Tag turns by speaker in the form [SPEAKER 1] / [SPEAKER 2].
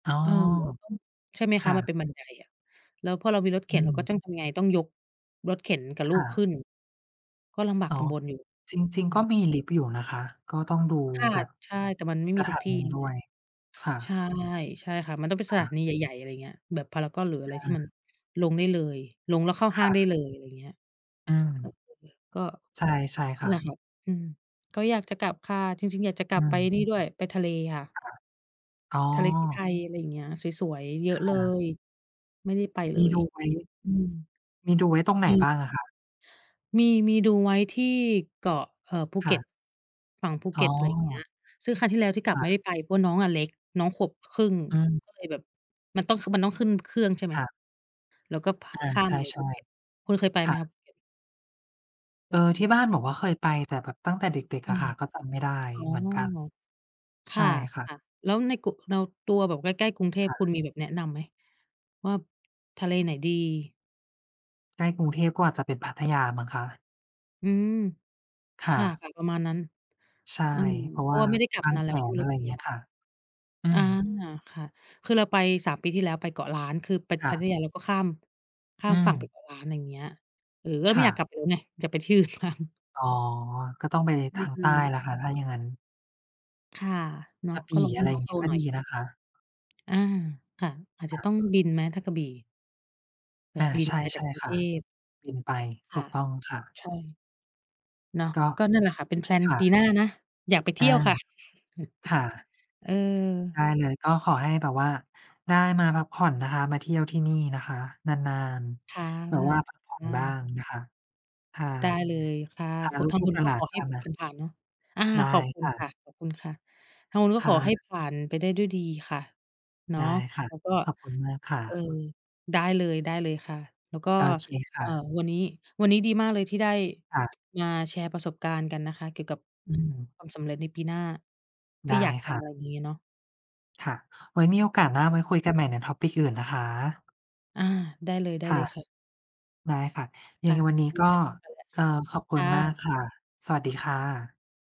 [SPEAKER 1] อ๋อ
[SPEAKER 2] โอ้โฮ ต้อง ใช่ไหม
[SPEAKER 1] ค
[SPEAKER 2] คะ
[SPEAKER 1] ่
[SPEAKER 2] มั
[SPEAKER 1] ะ
[SPEAKER 2] นเป็นบันไดอะ แล้วพอเรามีรถเข
[SPEAKER 1] อื
[SPEAKER 2] ็น เราก็
[SPEAKER 1] ม
[SPEAKER 2] จ้องทำยังไง ต้องยกรถเข็นกับล
[SPEAKER 1] ค
[SPEAKER 2] ู
[SPEAKER 1] ่
[SPEAKER 2] กข
[SPEAKER 1] ะ
[SPEAKER 2] ึ้น ก็ลำบาก
[SPEAKER 1] อ๋อ
[SPEAKER 2] ลำบนอยู่
[SPEAKER 1] จริง
[SPEAKER 2] อื
[SPEAKER 1] ๆ ก็
[SPEAKER 2] ม
[SPEAKER 1] มีลิฟต์อยู่นะคะ ก็ต้องดู
[SPEAKER 2] ค่ะ
[SPEAKER 1] แบบ
[SPEAKER 2] ใช่ แต่มันไม่
[SPEAKER 1] ส
[SPEAKER 2] มี
[SPEAKER 1] ถ
[SPEAKER 2] ทุก
[SPEAKER 1] า
[SPEAKER 2] ที
[SPEAKER 1] น
[SPEAKER 2] ่
[SPEAKER 1] ี
[SPEAKER 2] นี่
[SPEAKER 1] ด้
[SPEAKER 2] แหล
[SPEAKER 1] ว
[SPEAKER 2] ะ
[SPEAKER 1] ย ค่
[SPEAKER 2] ใช
[SPEAKER 1] ะ
[SPEAKER 2] ่ ใช่ค่ะ มันต้องเป็น
[SPEAKER 1] ค
[SPEAKER 2] สถ
[SPEAKER 1] ่
[SPEAKER 2] า
[SPEAKER 1] ะ
[SPEAKER 2] นีใหญ่ ๆ อะไรเงี้ย แบบพารากอน หรืออะไ
[SPEAKER 1] อ
[SPEAKER 2] รที่ม
[SPEAKER 1] า
[SPEAKER 2] ันลงได้เลย ลงแล้วเข้าห
[SPEAKER 1] ค
[SPEAKER 2] ้า
[SPEAKER 1] ่
[SPEAKER 2] งได้
[SPEAKER 1] ะ
[SPEAKER 2] เลย อะไรเงี้ย
[SPEAKER 1] อืม
[SPEAKER 2] [unintelligible] ก็
[SPEAKER 1] ใช่ ใช่ค่
[SPEAKER 2] หยา
[SPEAKER 1] ะ
[SPEAKER 2] บ อืม ก็อยากจะกลับค่ะ จริง ๆ อยากจะกล
[SPEAKER 1] อ
[SPEAKER 2] ั
[SPEAKER 1] ื
[SPEAKER 2] บไป ไอ้
[SPEAKER 1] ม
[SPEAKER 2] นี่ด้วย ไปทะเลค่ะ
[SPEAKER 1] ค่ะ อ๋อ
[SPEAKER 2] ทะเลที่ไทย อะไรอย่างเงี้ย สวย ๆ เยอ
[SPEAKER 1] ค
[SPEAKER 2] ะเล
[SPEAKER 1] ่ะ
[SPEAKER 2] ย ไม่ได้ไป
[SPEAKER 1] ม
[SPEAKER 2] เล
[SPEAKER 1] ี
[SPEAKER 2] ย
[SPEAKER 1] ดูไว้
[SPEAKER 2] อืม
[SPEAKER 1] มีดูไว้ตรงไหน
[SPEAKER 2] มี
[SPEAKER 1] บ้างอะคะ?
[SPEAKER 2] มี มีดูไว้ที่เกาะ เอ่อ ภู
[SPEAKER 1] ค
[SPEAKER 2] เก
[SPEAKER 1] ่
[SPEAKER 2] ็ต
[SPEAKER 1] ะ
[SPEAKER 2] ฝั่งภู
[SPEAKER 1] อ
[SPEAKER 2] เก
[SPEAKER 1] ๋อ
[SPEAKER 2] ็ต อะไรอย่างเงี้ย ซึ่งครั้งที่แล้วที่กล
[SPEAKER 1] ค
[SPEAKER 2] ับ
[SPEAKER 1] ่
[SPEAKER 2] ไม่
[SPEAKER 1] ะ
[SPEAKER 2] ได้ไป เพราะว่าน้องอะเล็ก น้องขวบ ค ครึ่ง
[SPEAKER 1] อืม
[SPEAKER 2] ก็เลยแบบ มันต้อง คือมันต้องขึ้นเครื่อง ใช่ไหม
[SPEAKER 1] ค่ะ
[SPEAKER 2] แล้วก็ พ
[SPEAKER 1] อา
[SPEAKER 2] ข้า
[SPEAKER 1] ใ
[SPEAKER 2] มไป
[SPEAKER 1] ช
[SPEAKER 2] ภ
[SPEAKER 1] ่
[SPEAKER 2] ูเก็ต คุณเคยไป
[SPEAKER 1] ๆ ค
[SPEAKER 2] ไหม
[SPEAKER 1] ่
[SPEAKER 2] ค
[SPEAKER 1] ะ
[SPEAKER 2] ะภูเก็ต?
[SPEAKER 1] เออ ที่บ้านบอกว่าเคยไป แต่แบบตั้งแต่เด็ก
[SPEAKER 2] อ
[SPEAKER 1] ๆ
[SPEAKER 2] ื
[SPEAKER 1] อะ
[SPEAKER 2] ม
[SPEAKER 1] ค่ะ ก็จำไม่ได้
[SPEAKER 2] อ๋อ
[SPEAKER 1] เหมือนกัน
[SPEAKER 2] ค
[SPEAKER 1] ใช
[SPEAKER 2] ่
[SPEAKER 1] ่ค่ะ
[SPEAKER 2] ะ ๆ แล้วในกุ เรา ตัวแบบใกล้ ๆ กรุงเท
[SPEAKER 1] ค
[SPEAKER 2] พ
[SPEAKER 1] ่
[SPEAKER 2] ค
[SPEAKER 1] ะ
[SPEAKER 2] ุณมีแบบแนะนำไหม วาบ ทะเลไหนดี?
[SPEAKER 1] ใกล้กรุงเทพ ก็อาจจะเป็น พัทยามั้งคะ
[SPEAKER 2] อืม
[SPEAKER 1] ค
[SPEAKER 2] ค
[SPEAKER 1] ่
[SPEAKER 2] ่ะ
[SPEAKER 1] ะ
[SPEAKER 2] จะประมาณนั้น
[SPEAKER 1] ใช่
[SPEAKER 2] อืม
[SPEAKER 1] เพรา
[SPEAKER 2] เ
[SPEAKER 1] ะ
[SPEAKER 2] พ
[SPEAKER 1] ว
[SPEAKER 2] รา
[SPEAKER 1] ่
[SPEAKER 2] ะ
[SPEAKER 1] า
[SPEAKER 2] ว่าไม่ได้กลั
[SPEAKER 1] บ
[SPEAKER 2] บ
[SPEAKER 1] าง
[SPEAKER 2] นาน
[SPEAKER 1] แส
[SPEAKER 2] แล้ว ก็ไ
[SPEAKER 1] น
[SPEAKER 2] ม่ร
[SPEAKER 1] อ
[SPEAKER 2] ู
[SPEAKER 1] ะ
[SPEAKER 2] ้
[SPEAKER 1] ไร
[SPEAKER 2] เป็
[SPEAKER 1] อ
[SPEAKER 2] น
[SPEAKER 1] ย่า
[SPEAKER 2] ยั
[SPEAKER 1] งเ
[SPEAKER 2] งไ
[SPEAKER 1] ง
[SPEAKER 2] ง
[SPEAKER 1] ี้ย
[SPEAKER 2] บ้าง
[SPEAKER 1] ค่ะ อื
[SPEAKER 2] อา
[SPEAKER 1] ม
[SPEAKER 2] ค่ะ คือเราไป 3 ปีที่แล้ว ไปเกาะล้าน คือไป
[SPEAKER 1] ค่
[SPEAKER 2] พัท
[SPEAKER 1] ะ
[SPEAKER 2] ยา เราก็ข้าม ข้า
[SPEAKER 1] อื
[SPEAKER 2] มฝั่งไป
[SPEAKER 1] ม
[SPEAKER 2] เกาะล้าน ไรอย่างเงี้ย เออ ก็
[SPEAKER 1] ค
[SPEAKER 2] ไม่
[SPEAKER 1] ่
[SPEAKER 2] อยากก
[SPEAKER 1] ะ
[SPEAKER 2] ลับไปแล้วไง อยากไป ที่อื่นบ้าง
[SPEAKER 1] อ๋อ ก็ต้องไปใน
[SPEAKER 2] อ
[SPEAKER 1] ท
[SPEAKER 2] ื
[SPEAKER 1] า
[SPEAKER 2] อ
[SPEAKER 1] ง
[SPEAKER 2] อื
[SPEAKER 1] ใต้แ
[SPEAKER 2] ม
[SPEAKER 1] หละค่ะ ถ้าอย่างงั้น
[SPEAKER 2] ค่ะ เนา
[SPEAKER 1] ก
[SPEAKER 2] ะ
[SPEAKER 1] ะะบ
[SPEAKER 2] ก็
[SPEAKER 1] ี่
[SPEAKER 2] รอ ใ
[SPEAKER 1] อ
[SPEAKER 2] ห้
[SPEAKER 1] ะไร
[SPEAKER 2] น้
[SPEAKER 1] อ
[SPEAKER 2] อ
[SPEAKER 1] ย่า
[SPEAKER 2] ง
[SPEAKER 1] ง
[SPEAKER 2] โต
[SPEAKER 1] งี้ ก็
[SPEAKER 2] หน่อ
[SPEAKER 1] ด
[SPEAKER 2] ย
[SPEAKER 1] ีนะคะ
[SPEAKER 2] อา ค่ะ อาจจ
[SPEAKER 1] ค
[SPEAKER 2] ะ
[SPEAKER 1] ่
[SPEAKER 2] ต้อง
[SPEAKER 1] ะ
[SPEAKER 2] บินไหมถ้ากระบี่? แบ
[SPEAKER 1] อ
[SPEAKER 2] บ
[SPEAKER 1] า
[SPEAKER 2] บิ
[SPEAKER 1] ใ
[SPEAKER 2] น
[SPEAKER 1] ช่
[SPEAKER 2] มาจ
[SPEAKER 1] ใ
[SPEAKER 2] า
[SPEAKER 1] ช
[SPEAKER 2] ก
[SPEAKER 1] ่
[SPEAKER 2] กรุง
[SPEAKER 1] ค
[SPEAKER 2] เท
[SPEAKER 1] ่ะ
[SPEAKER 2] พ
[SPEAKER 1] บินไป
[SPEAKER 2] ค
[SPEAKER 1] ถ
[SPEAKER 2] ่
[SPEAKER 1] ู
[SPEAKER 2] ะ
[SPEAKER 1] กต้องค่ะ
[SPEAKER 2] ใช่ เนาะ
[SPEAKER 1] ก็
[SPEAKER 2] ก็นั่นแหละค่ะ เป็น แพลน
[SPEAKER 1] ค่
[SPEAKER 2] ปี
[SPEAKER 1] ะ
[SPEAKER 2] หน้านะ อยากไปเท
[SPEAKER 1] อ
[SPEAKER 2] ี
[SPEAKER 1] า
[SPEAKER 2] ่ยวค่ะ
[SPEAKER 1] ค่ะ
[SPEAKER 2] เออ
[SPEAKER 1] ได้เลย ก็ขอให้แบบว่าได้มาพักผ่อนนะคะ มาเที่ยวที่นี่นะคะนาน
[SPEAKER 2] ค่ะ
[SPEAKER 1] ๆ แบบว่าพักผ่อ
[SPEAKER 2] ค
[SPEAKER 1] น
[SPEAKER 2] ่
[SPEAKER 1] บ้า
[SPEAKER 2] ะ
[SPEAKER 1] งนะคะ พา
[SPEAKER 2] ได้ เลยค่ะ
[SPEAKER 1] พา
[SPEAKER 2] คุ
[SPEAKER 1] ล
[SPEAKER 2] ณ ทาง
[SPEAKER 1] ู
[SPEAKER 2] ค
[SPEAKER 1] ก
[SPEAKER 2] ุ
[SPEAKER 1] ๆ ห
[SPEAKER 2] ณก็
[SPEAKER 1] ลา
[SPEAKER 2] ข
[SPEAKER 1] น
[SPEAKER 2] อ
[SPEAKER 1] ๆ
[SPEAKER 2] ใ
[SPEAKER 1] พ
[SPEAKER 2] ห้
[SPEAKER 1] า
[SPEAKER 2] แบ
[SPEAKER 1] ม
[SPEAKER 2] บ
[SPEAKER 1] า
[SPEAKER 2] ผ่าน ๆ เนาะ อา
[SPEAKER 1] ได้
[SPEAKER 2] ขอบคุ
[SPEAKER 1] ค
[SPEAKER 2] ณ
[SPEAKER 1] ่
[SPEAKER 2] ค
[SPEAKER 1] ะ
[SPEAKER 2] ่ะ ขอบคุณค่ะ ทางคุณก็
[SPEAKER 1] ค
[SPEAKER 2] ข
[SPEAKER 1] ่
[SPEAKER 2] อให้
[SPEAKER 1] ะ
[SPEAKER 2] ผ่านไปได้ด้วยดีค่ะ เนา
[SPEAKER 1] ได
[SPEAKER 2] ะ
[SPEAKER 1] ้ค่ะ
[SPEAKER 2] แล้วก็
[SPEAKER 1] ขอบคุณมากค่
[SPEAKER 2] เออ
[SPEAKER 1] ะ
[SPEAKER 2] ได้เลย ได้เลยค่ะ แล้วก็
[SPEAKER 1] โอเคค
[SPEAKER 2] อ่
[SPEAKER 1] ่
[SPEAKER 2] า
[SPEAKER 1] ะ
[SPEAKER 2] วันนี้ วันนี้ดีมากเลยที่ได้
[SPEAKER 1] ค่ะ
[SPEAKER 2] งา แชร์ประสบการณ์กันนะคะ เกี่ยวกับ
[SPEAKER 1] อืม
[SPEAKER 2] ความสำเร็จในปีหน้า ท
[SPEAKER 1] ไ
[SPEAKER 2] ี
[SPEAKER 1] ด
[SPEAKER 2] ่
[SPEAKER 1] ้
[SPEAKER 2] อยากท
[SPEAKER 1] ค
[SPEAKER 2] ำ
[SPEAKER 1] ่
[SPEAKER 2] อ
[SPEAKER 1] ะ
[SPEAKER 2] ะไรอย่างงี้เนาะ
[SPEAKER 1] ค่ะ ไว้มีโอกาสหน้าไว้คุยกันใหม่ใน topic อื่นนะคะ
[SPEAKER 2] อา ได้เลย ได้
[SPEAKER 1] ค
[SPEAKER 2] เ
[SPEAKER 1] ่
[SPEAKER 2] ล
[SPEAKER 1] ะ
[SPEAKER 2] ยค่ะ
[SPEAKER 1] ได้ค่ะ ย
[SPEAKER 2] ค
[SPEAKER 1] ั
[SPEAKER 2] ่
[SPEAKER 1] งไ
[SPEAKER 2] ะ
[SPEAKER 1] งวันนี
[SPEAKER 2] ว
[SPEAKER 1] ้
[SPEAKER 2] ันนี
[SPEAKER 1] ก
[SPEAKER 2] ้แ
[SPEAKER 1] ็
[SPEAKER 2] บบ ไปแล้ว
[SPEAKER 1] เอ่อ ขอบค
[SPEAKER 2] ค
[SPEAKER 1] ุณ
[SPEAKER 2] ่
[SPEAKER 1] มา
[SPEAKER 2] ะ
[SPEAKER 1] กค่ะ สวัสดีค่ะ